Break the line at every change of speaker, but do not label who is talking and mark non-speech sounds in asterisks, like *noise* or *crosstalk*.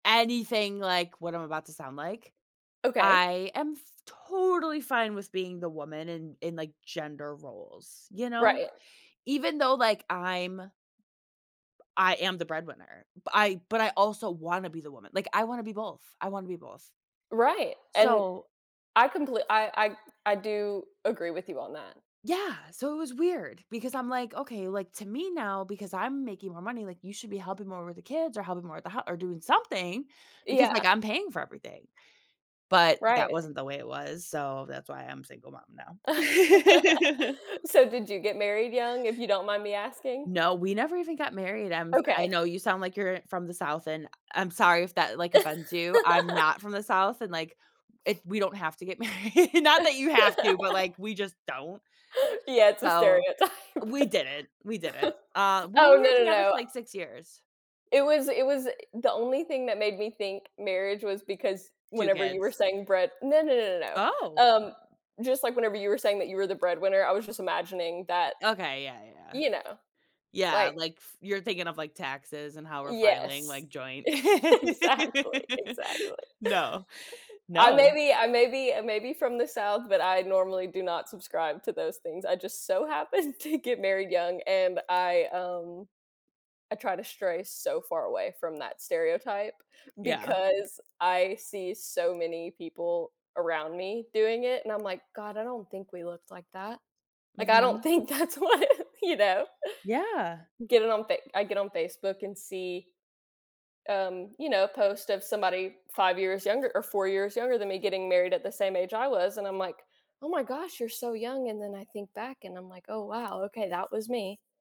Anything like what I'm about to sound like.
Okay.
I am f totally fine with being the woman in in, like, gender roles, you know?
Right.
Even though, like, I'm I am the breadwinner, I but, I also wanna be the woman, like, I wanna be both, I wanna be both.
Right, and
So
I comple I I I do agree with you on that.
Yeah, so it was weird because I'm, like, "Okay" like, to me, now because I'm making more money, like, "you should be helping more with the kids or helping more with the hou or doing something, because, like,
Yeah.
I'm paying for everything." But, that
Right.
wasn't the way it was, so that's why I'm a single mom now.
*laughs*
*laughs*
So, did you get married young? If you don't mind me asking?
No, we never even got married, I'm I
Okay.
know you sound like you're from the South, and I I'm sorry if that, like, offends you, I'm not from
*laughs*
the South and, like, it we don't have to get married, not that you have to, but like
*laughs*
we just don't.
Yeah, it's a
So,
stereotype.
we
*chuckles*
didn't, we didn't, uh, well,
Oh,
we
no,
were
no,
together
no
for, like, 6 years.
it was it was the only thing that made me think marriage was because
2
whenever you were
kids.
saying bread no, no, no, no, no,
Oh!
um, just, like, whenever you were saying that you were the breadwinner, I was just imagining that,
Okay, yeah, yeah.
you know,
Yeah,
like
like, f you're thinking of like taxes and how we're filing,
Yes,
like, joint. *laughs*
exactly, exactly.
No.
I may
No.
be I may be I may be from the South, but I normally do not subscribe to those things, I just so happened to get married young and I, um I try to stray so far away from that stereotype
Yeah.
because I see so many people around me doing it, and I'm like, "God, I don't think we looked like that." Like, I don't
Mhm.
think that's what you know?
Yeah.
Get it on Fa I get on Facebook and see, um, you know, post of somebody 5 years younger or 4 years younger than me getting married at the same age I was, and I'm like, "Oh my gosh, you're so young," and then I think back and I'm like, "Oh wow, okay, that was me."